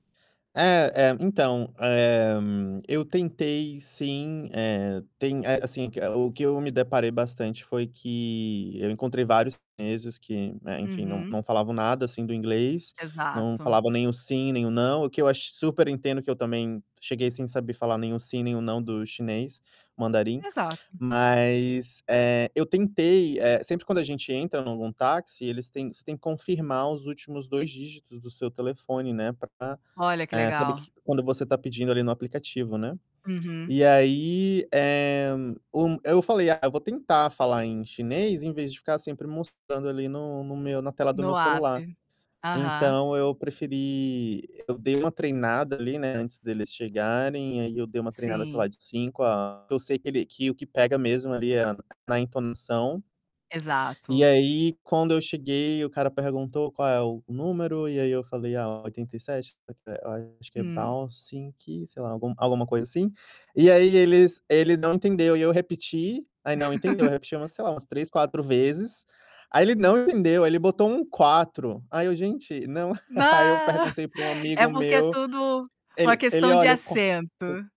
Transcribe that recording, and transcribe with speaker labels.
Speaker 1: É, é, então, eh, eu tentei sim, eh, tem eh, assim, que o o que eu me deparei bastante foi que eu encontrei vários chineses que, né, enfim, não
Speaker 2: Uhum.
Speaker 1: não falavam nada, assim, do inglês, não
Speaker 2: Exato.
Speaker 1: falavam nem o "sim.", nem o "não". O que eu acho super entendo por que eu também cheguei sem saber falar nem o "sim.", nem o "não." do chinês, mandarim.
Speaker 2: Exato.
Speaker 1: Mas, eh, eu tentei eh, sempre quando a gente entra em algum táxi eles têm você tem que confirmar os últimos 2 dígitos do seu telefone, né, pra,
Speaker 2: Olha que
Speaker 1: eh, saber
Speaker 2: legal.
Speaker 1: q quando você está pedindo ali no aplicativo, né.
Speaker 2: Uhum.
Speaker 1: E aí, eh, o eu falei: "Ah, eu vou tentar falar em chinês invés de ficar sempre mostrando ali no no meu na tela do meu
Speaker 2: No
Speaker 1: celular".
Speaker 2: APP. Aham.
Speaker 1: Então eu preferi eu dei uma treinada ali, né, antes deles chegarem, aí eu dei uma treinada sei
Speaker 2: Sim.
Speaker 1: lá de 5 a porque eu sei que ele que o que pega mesmo ali é a na entonação. E
Speaker 2: Exato.
Speaker 1: aí quando eu cheguei o cara perguntou: "Qual é o número?". E aí eu falei: "Ah, 87", eu falei a acho que é
Speaker 2: Hum.
Speaker 1: 八十七, sei lá, algum alguma coisa assim. E aí eles ele não entendeu e aí eu repeti, aí não entendeu, eu repeti umas, sei lá, umas 3, 4 vezes. Aí ele não entendeu. Aí ele botou um 4, aí eu: "Gente, não!".
Speaker 2: Ah,
Speaker 1: Aí eu perguntei pra um
Speaker 2: é
Speaker 1: amigo
Speaker 2: porque é
Speaker 1: meu,
Speaker 2: tudo uma
Speaker 1: ele ele:
Speaker 2: questão de
Speaker 1: "Olha o qua o"
Speaker 2: acento.